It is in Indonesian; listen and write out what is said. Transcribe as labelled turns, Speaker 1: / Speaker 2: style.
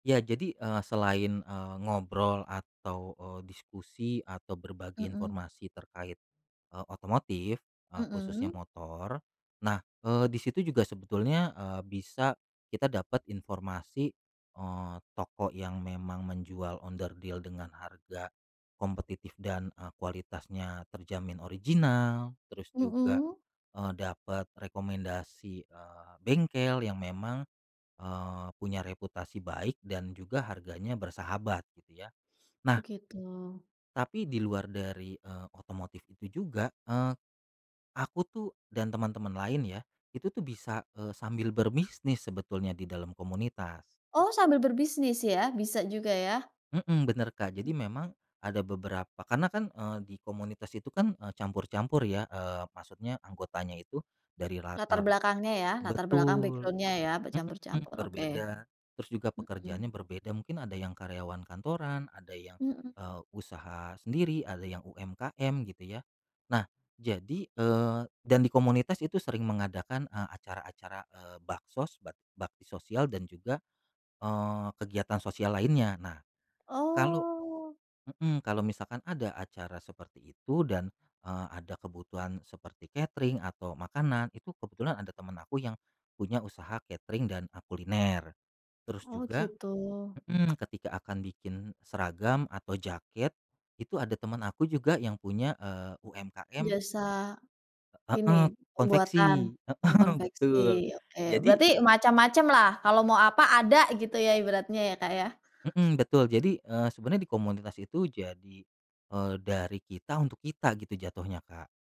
Speaker 1: Ya, jadi, eee, selain, eee, ngobrol atau, eee, diskusi atau berbagi
Speaker 2: Mhm.
Speaker 1: informasi terkait, eee, otomotif, khususnya
Speaker 2: Mhm.
Speaker 1: motor, nah, eee, disitu juga sebetulnya, eee, bisa kita dapat informasi, eee, toko yang memang menjual onderdil dengan harga kompetitif dan e kualitasnya terjamin original terus juga,
Speaker 2: Mhm.
Speaker 1: eee, dapat rekomendasi, eee, bengkel yang memang, eee, punya reputasi baik dan juga harganya bersahabat, gitu, ya.
Speaker 2: Oh,
Speaker 1: Nah.
Speaker 2: gitu.
Speaker 1: tapi di luar dari, eee, otomotif itu juga, eee, aku tuh dan teman-teman lain ya, itu tuh bisa, eee, sambil berbisnis sebetulnya di dalam komunitas.
Speaker 2: Oh, sambil berbisnis ya, bisa juga, ya.
Speaker 1: Mhm, bener, Kak, jadi memang ada beberapa- karena kan, eee, di komunitas itu kan, eee, campur-campur, ya. Eee, maksudnya anggotanya itu dari
Speaker 2: Latar
Speaker 1: latar
Speaker 2: belakangnya ya, latar belakang,
Speaker 1: betul,
Speaker 2: backgroundnya, ya,
Speaker 1: mhm,
Speaker 2: bercampur-campur, oke.
Speaker 1: berbeda, terus juga
Speaker 2: Mhm.
Speaker 1: pekerjaannya berbeda, mungkin ada yang karyawan kantoran, ada yang,
Speaker 2: Mhm.
Speaker 1: eee, usaha sendiri, ada yang UMKM, gitu, ya. Nah, jadi, eee, dan di komunitas itu sering mengadakan, eee, acara-acara, eee, baksos, bak bakti sosial dan juga, eee, kegiatan sosial lainnya. Nah, kalau
Speaker 2: Oh.
Speaker 1: mhm, misalkan ada acara seperti itu dan, eee, ada kebutuhan seperti katering atau makanan, itu kebetulan ada temen aku yang punya usaha katering dan a kuliner, terus
Speaker 2: Oh,
Speaker 1: juga
Speaker 2: gitu.
Speaker 1: mhm, ketika akan bikin seragam atau jaket, itu ada temen aku juga yang punya, eee, UMKM.
Speaker 2: Jasa
Speaker 1: Heeh,
Speaker 2: ini
Speaker 1: konveksi,
Speaker 2: pembuatan e
Speaker 1: heeh,
Speaker 2: konveksi.
Speaker 1: betul,
Speaker 2: Oke,
Speaker 1: jadi
Speaker 2: berarti macam-macam lah, kalau mau apa, ada, gitu ya, ibaratnya ya, Kak, ya.
Speaker 1: mhm, betul, jadi, eee, sebenarnya di komunitas itu jadi, eee, dari kita untuk kita, gitu, jatuhnya, Kak.